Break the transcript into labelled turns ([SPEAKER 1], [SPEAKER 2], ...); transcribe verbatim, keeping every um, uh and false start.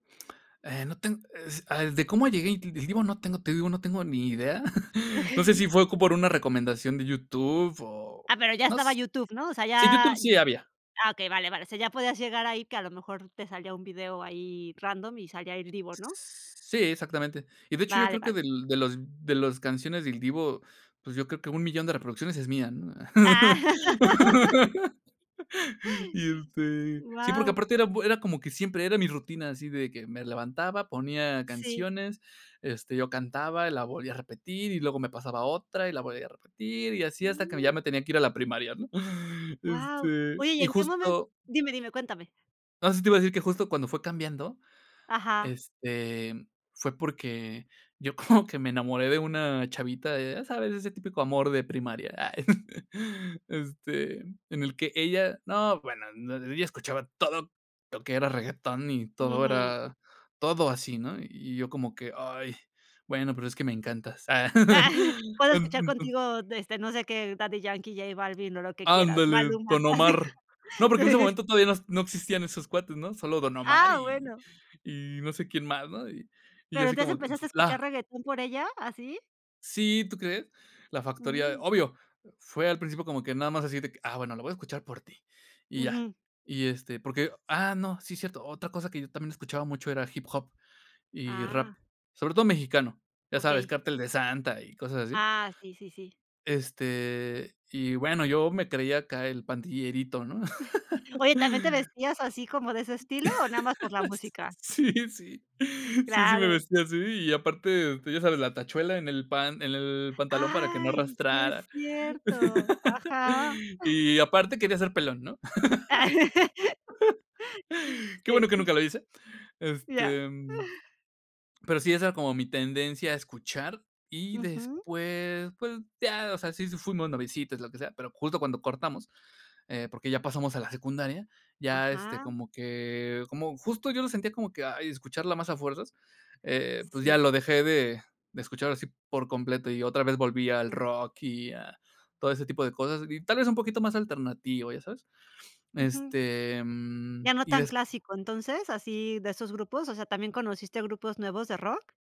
[SPEAKER 1] Eh, no, ten eh, sí, a de cómo llegué, di di digo, no tengo, te digo, no tengo ni idea. No sé, si fue com por una recomendación de YouTube, o
[SPEAKER 2] Ah, pero, ya
[SPEAKER 1] no
[SPEAKER 2] estaba
[SPEAKER 1] s
[SPEAKER 2] YouTube, ¿no? O sea,
[SPEAKER 1] sí,
[SPEAKER 2] ya
[SPEAKER 1] YouTube sí había.
[SPEAKER 2] ah, okey, vale, vale. O sea, ya podías llegar ahí, que a lo mejor, te salía un video ahí random, y salía Il Divo, ¿no?
[SPEAKER 1] Sí, exactamente. Y de hecho, yo
[SPEAKER 2] Vale,
[SPEAKER 1] creo que
[SPEAKER 2] vale.
[SPEAKER 1] del de los de las canciones de Il Divo, pues, yo creo que, un millón de reproducciones, es mía, ¿no?
[SPEAKER 2] Ah.
[SPEAKER 1] Y, este. Sí, porque,
[SPEAKER 2] Guau.
[SPEAKER 1] aparte era era bue como que, siempre era mi rutina, así de que me levantaba, ponía
[SPEAKER 2] Sí.
[SPEAKER 1] canciones, este, yo cantaba, la volvía a repetir, y luego me pasaba otra, y la volvía a repetir, y así, hasta que ya
[SPEAKER 2] Mm.
[SPEAKER 1] me tenía que ir a la primaria, ¿no?
[SPEAKER 2] Guau.
[SPEAKER 1] Este,
[SPEAKER 2] Oye, y
[SPEAKER 1] y
[SPEAKER 2] en qué momen
[SPEAKER 1] justo
[SPEAKER 2] dime, dime, cuéntame.
[SPEAKER 1] no, sí, te iba a decir, que justo cuando fue cambiando,
[SPEAKER 2] Ajá.
[SPEAKER 1] este, mm, fue, porque, yo como que me enamoré, de una chavita de, ya sabes, ese típico amor de primaria, ah, este, en el que ella no, bueno, no ella escuchaba, todo lo que era regetón, y todo
[SPEAKER 2] Ujú.
[SPEAKER 1] era todo así, ¿no? Y yo, como que: "Ay, bueno, pero es que me encantas".
[SPEAKER 2] Puedo
[SPEAKER 1] "Me
[SPEAKER 2] escuchar
[SPEAKER 1] encantas".
[SPEAKER 2] contigo, de, este, no sé qué, Daddy Yankee, J Balvin, o lo que quieras,
[SPEAKER 1] Ándale,
[SPEAKER 2] Maluma,
[SPEAKER 1] Don
[SPEAKER 2] así.
[SPEAKER 1] Omar. No, porque, en ese momento todavía, no no existían esos cuates, ¿no?, solo Don Omar
[SPEAKER 2] Ah,
[SPEAKER 1] y
[SPEAKER 2] bueno.
[SPEAKER 1] y no sé quién más, ¿no? Y y yo
[SPEAKER 2] Pero,
[SPEAKER 1] así
[SPEAKER 2] ¿entonces,
[SPEAKER 1] como que: "En
[SPEAKER 2] empezaste
[SPEAKER 1] su
[SPEAKER 2] a escuchar
[SPEAKER 1] flá".
[SPEAKER 2] reggaetón por ella, así?
[SPEAKER 1] Sí, ¿tú crees? La Factoría,
[SPEAKER 2] Mm.
[SPEAKER 1] obvio, fue al principio, como que nada más, así de que, ah, bueno, lo voy a escuchar por ti, y ya.
[SPEAKER 2] Ujú.
[SPEAKER 1] Y, este, porque, ah, no, sí, cierto. Otra cosa que yo también escuchaba mucho, era hip hop y rap,
[SPEAKER 2] Ah.
[SPEAKER 1] sobre todo mexicano, ya sabes,
[SPEAKER 2] Okey.
[SPEAKER 1] Cartel de Santa y cosas así.
[SPEAKER 2] Ah, sí, sí, sí.
[SPEAKER 1] Este, y bueno, yo me creía acá, el pandillerito, ¿no?
[SPEAKER 2] Oye, ¿también te vestías así, como de ese estilo, o nada más por la música?
[SPEAKER 1] Sí, sí. Sí, sí me
[SPEAKER 2] Claro.
[SPEAKER 1] vestía así, y aparte, tú ya sabes, la tachuela en el pan en el pantalón, para que no
[SPEAKER 2] Ay, si es
[SPEAKER 1] arrastrara.
[SPEAKER 2] cierto. Ajá.
[SPEAKER 1] Y aparte, quería ser pelón, ¿no? Qué bueno que
[SPEAKER 2] Sí.
[SPEAKER 1] nunca lo hice.
[SPEAKER 2] Ya.
[SPEAKER 1] Este, mm, pero, sí, esa era como mi tendencia a escuchar, y
[SPEAKER 2] Ujú.
[SPEAKER 1] después, pues, ya, o sea, si fuimos noviecitos, lo que sea. Pero, justo cuando cortamos, eh, porque, ya pasamos a la secundaria, ya, este,
[SPEAKER 2] Ajá.
[SPEAKER 1] como que como justo yo lo sentía, como que, ay, escucharla más a fuerzas, eh, pues, ya
[SPEAKER 2] Sí.
[SPEAKER 1] lo dejé de de escuchar así por completo. Y otra vez volví al
[SPEAKER 2] Mm.
[SPEAKER 1] rock, y a todo ese tipo de cosas, y tal vez, un poquito más alternativo, ¿ya sabes?
[SPEAKER 2] Ujú.
[SPEAKER 1] Este, mm,
[SPEAKER 2] ¿Ya no
[SPEAKER 1] y
[SPEAKER 2] tan
[SPEAKER 1] des
[SPEAKER 2] clásico, entonces, así, de esos grupos? O sea, ¿también conociste grupos nuevos de rock?